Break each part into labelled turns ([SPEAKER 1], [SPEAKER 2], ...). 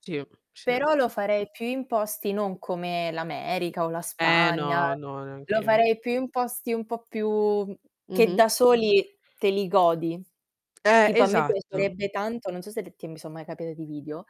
[SPEAKER 1] Sì, sì.
[SPEAKER 2] Però lo farei più in posti, non come l'America o la
[SPEAKER 1] Eh,
[SPEAKER 2] Spagna,
[SPEAKER 1] no, no, neanche
[SPEAKER 2] lo
[SPEAKER 1] io.
[SPEAKER 2] farei più in posti un po' più che
[SPEAKER 1] Mh-mh.
[SPEAKER 2] da soli te li godi.
[SPEAKER 1] Eh,
[SPEAKER 2] Tipo a me
[SPEAKER 1] esatto.
[SPEAKER 2] piacerebbe tanto, non so se t son mai capiti dei video,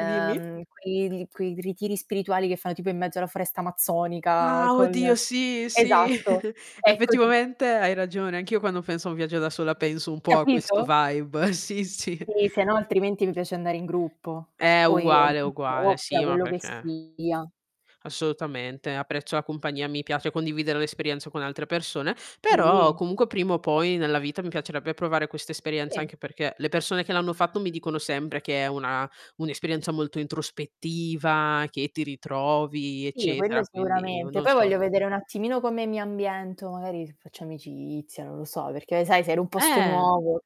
[SPEAKER 1] Dimmi.
[SPEAKER 2] quei quei ritiri spirituali che fanno tipo in mezzo alla foresta amazzonica
[SPEAKER 1] Ah!
[SPEAKER 2] con
[SPEAKER 1] Oddio, sì, sì,
[SPEAKER 2] esatto, ecco t
[SPEAKER 1] effettivamente hai ragione, anch'io quando penso a un viaggio da sola penso un po' a questo
[SPEAKER 2] Capito?
[SPEAKER 1] vibe. Sì, sì.
[SPEAKER 2] Sì, se no altrimenti mi piace andare in gruppo
[SPEAKER 1] Eh,
[SPEAKER 2] o i o
[SPEAKER 1] uguale,
[SPEAKER 2] in
[SPEAKER 1] uguale,
[SPEAKER 2] coppia,
[SPEAKER 1] sì ma
[SPEAKER 2] quello che
[SPEAKER 1] perché
[SPEAKER 2] sia.
[SPEAKER 1] Assolutamente. Apprezzo la compagnia, mi piace condividere l'esperienza con altre persone, però
[SPEAKER 2] Quindi
[SPEAKER 1] comunque prima o poi nella vita mi piacerebbe provare questa esperienza,
[SPEAKER 2] Sì.
[SPEAKER 1] anche perché le persone che l'hanno fatto mi dicono sempre che è una un'esperienza molto introspettiva, che ti ritrovi,
[SPEAKER 2] Sì,
[SPEAKER 1] eccetera,
[SPEAKER 2] quello
[SPEAKER 1] quindi, o
[SPEAKER 2] sicuramente.
[SPEAKER 1] non
[SPEAKER 2] Poi
[SPEAKER 1] so.
[SPEAKER 2] voglio vedere un attimino come mi ambiento, magari faccio amicizia, non lo so, perché sai sei in un posto
[SPEAKER 1] Eh.
[SPEAKER 2] nuovo,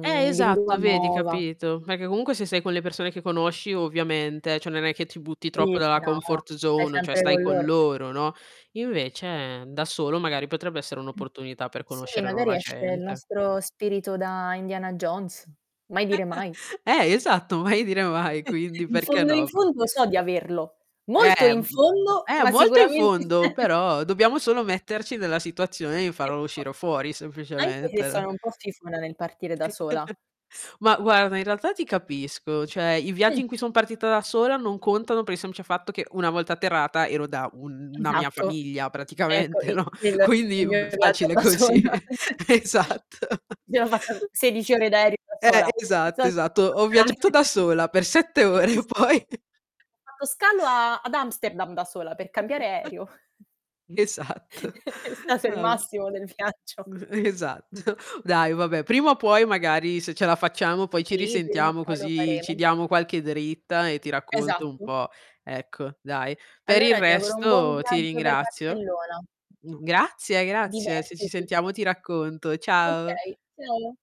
[SPEAKER 1] Eh,
[SPEAKER 2] lingua
[SPEAKER 1] esatto vedi,
[SPEAKER 2] nuova.
[SPEAKER 1] capito. Perché comunque se sei con le persone che conosci, ovviamente, cioè, non è che ti butti troppo
[SPEAKER 2] [unintelligible]
[SPEAKER 1] dalla
[SPEAKER 2] No,
[SPEAKER 1] comfort
[SPEAKER 2] stai
[SPEAKER 1] zone cioè,
[SPEAKER 2] sempre
[SPEAKER 1] stai
[SPEAKER 2] con
[SPEAKER 1] con
[SPEAKER 2] loro.
[SPEAKER 1] loro, no, invece da solo magari potrebbe essere
[SPEAKER 2] Mh.
[SPEAKER 1] un'opportunità per
[SPEAKER 2] Sì,
[SPEAKER 1] conoscere
[SPEAKER 2] magari
[SPEAKER 1] nuova
[SPEAKER 2] esce il
[SPEAKER 1] gente.
[SPEAKER 2] nostro spirito da Indiana Jones. Mai dire mai.
[SPEAKER 1] Eh, esatto, mai dire mai, quindi
[SPEAKER 2] In
[SPEAKER 1] perché
[SPEAKER 2] fondo, in
[SPEAKER 1] no? Co
[SPEAKER 2] fondo so di averlo. Molto
[SPEAKER 1] Eh, m
[SPEAKER 2] in
[SPEAKER 1] m
[SPEAKER 2] fondo,
[SPEAKER 1] eh,
[SPEAKER 2] ma
[SPEAKER 1] molto in
[SPEAKER 2] sicuramente
[SPEAKER 1] fondo,
[SPEAKER 2] c'è.
[SPEAKER 1] però dobbiamo solo metterci nella situazione di farlo
[SPEAKER 2] [unintelligible]
[SPEAKER 1] uscire fuori,
[SPEAKER 2] Anche se
[SPEAKER 1] semplicemente, no?
[SPEAKER 2] sono un po' fifona nel partire da sola.
[SPEAKER 1] Ma guarda, in realtà ti capisco, cioè, i viaggi
[SPEAKER 2] Mh.
[SPEAKER 1] in cui son partita da sola non contano, per il semplice fatto che una volta atterrata ero da una mia
[SPEAKER 2] Esatto.
[SPEAKER 1] famiglia
[SPEAKER 2] Ecco,
[SPEAKER 1] praticamente,
[SPEAKER 2] i
[SPEAKER 1] no,
[SPEAKER 2] quello è
[SPEAKER 1] quindi
[SPEAKER 2] il
[SPEAKER 1] b
[SPEAKER 2] mio viaggio
[SPEAKER 1] facile
[SPEAKER 2] da sola.
[SPEAKER 1] così. Esatto.
[SPEAKER 2] Mi sono fatta 16 ore da aereo da
[SPEAKER 1] Eh,
[SPEAKER 2] sola.
[SPEAKER 1] esatto,
[SPEAKER 2] So
[SPEAKER 1] esatto.
[SPEAKER 2] [unintelligible]
[SPEAKER 1] Ho viaggiato da sola per 7
[SPEAKER 2] Sì, sì,
[SPEAKER 1] ore
[SPEAKER 2] s Ho
[SPEAKER 1] poi
[SPEAKER 2] fatto scalo a ad Amsterdam da sola, per cambiare aereo.
[SPEAKER 1] [unintelligible] Esatto.
[SPEAKER 2] È stato il
[SPEAKER 1] Ab
[SPEAKER 2] massimo del viaggio.
[SPEAKER 1] Esatto. Dai vabbè, prima o puoi magari, se ce la facciamo, poi ci
[SPEAKER 2] Sì, prima o
[SPEAKER 1] risentiamo
[SPEAKER 2] poi lo
[SPEAKER 1] così ci
[SPEAKER 2] faremo.
[SPEAKER 1] diamo qualche dritta e ti racconto un
[SPEAKER 2] Esatto.
[SPEAKER 1] po' ecco, dai. Per il
[SPEAKER 2] Allora ti auguro un buon
[SPEAKER 1] resto ti
[SPEAKER 2] viaggio per
[SPEAKER 1] ringrazio.
[SPEAKER 2] Barcellona.
[SPEAKER 1] G grazie grazie. Se ci
[SPEAKER 2] Divertiti.
[SPEAKER 1] sentiamo ti racconto. Ciao!
[SPEAKER 2] Okay. Ciao!